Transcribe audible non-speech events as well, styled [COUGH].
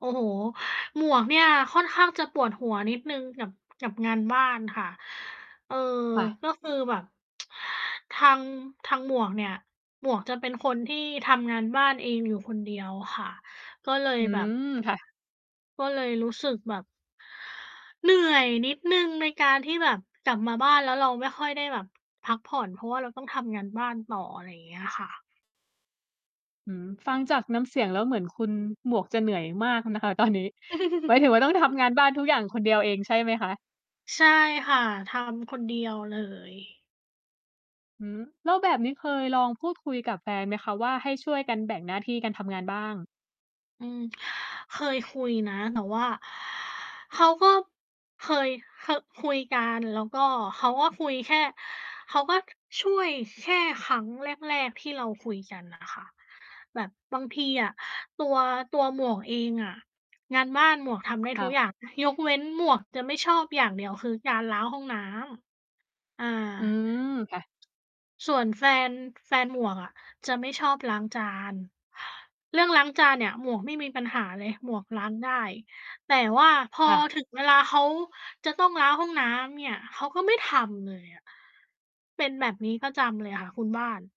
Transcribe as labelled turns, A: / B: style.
A: โอ้โฮ หมวกเนี่ยค่อนข้างจะปวดหัวนิดหนึ่งกับ กับงานบ้านค่ะ เออ
B: ค่ะ
A: ก็คือแบบ [TSK] ทาง ทางหมวกเนี่ย หมวกจะเป็นคนที่ทำงานบ้านเองอยู่คนเดียวค่ะ ก็เลย
B: อื
A: แบบ
B: ม ค่ะ
A: ก็เลยรู้สึกแบบ เหนื่อยนิดหนึ่งในการที่แบบ กลับมาบ้านแล้วเราไม่ค่อยได้แบบพักผ่อน เพราะว่าเราต้องทำงานบ้านต่อ อะไรอย่างเงี้ยค่ะ
B: อื้อฮือ ฟังจากน้ำเสียงแล้ว เหมือนคุณหมวกจะเหนื่อยมากอะนะคะ ตอนนี้ หมายถึงว่า ต้องทำ
A: [CHUCKLES]
B: งานบ้านทุกอย่างคนเดียวเองใช่ไหมคะ?
A: ใช่ค่ะ ทำ คนเดียวเลย
B: หือ! แล้วแบบนี้เคยลองพูดคุยกับแฟนไหมคะว่า ให้ช่วยกัน แบ่งหน้าที่กันทำงานบ้าง?
A: อืม เคยคุยนะ แต่ว่า เขาก็ เคย เคอะ คุยกัน แล้วก็เขาก็คุยแค่ เขาก็ช่วยแค่ครั้งแรก ๆ ที่เราคุยกันน่ะค่ะ แบบบางทีอะ ตัว ตัวหมวกเองอะ งานบ้านหมวกทำได้
B: ค
A: ท
B: ่
A: ุก
B: ะ
A: อย่าง ยกเว้นหมวกจะไม่ชอบอย่างเดียว คือ การล้างห้องน้ำ อา
B: อืม ค่ะ
A: ส่วนแฟน แฟนหมวกอะจะไม่ชอบล้างจาน เรื่องล้างจานเนี่ยหมวกไม่มีปัญหาเลย หมวกล้างได้ แต่ว่าพอ
B: ค่ะ
A: ถึงเวลาเขาจะต้องล้างห้องน้ำเนี่ย เขาก็ไม่ทำเลยอะ เป็นแบบนี้ประจำเลยค่ะคุณบ้าน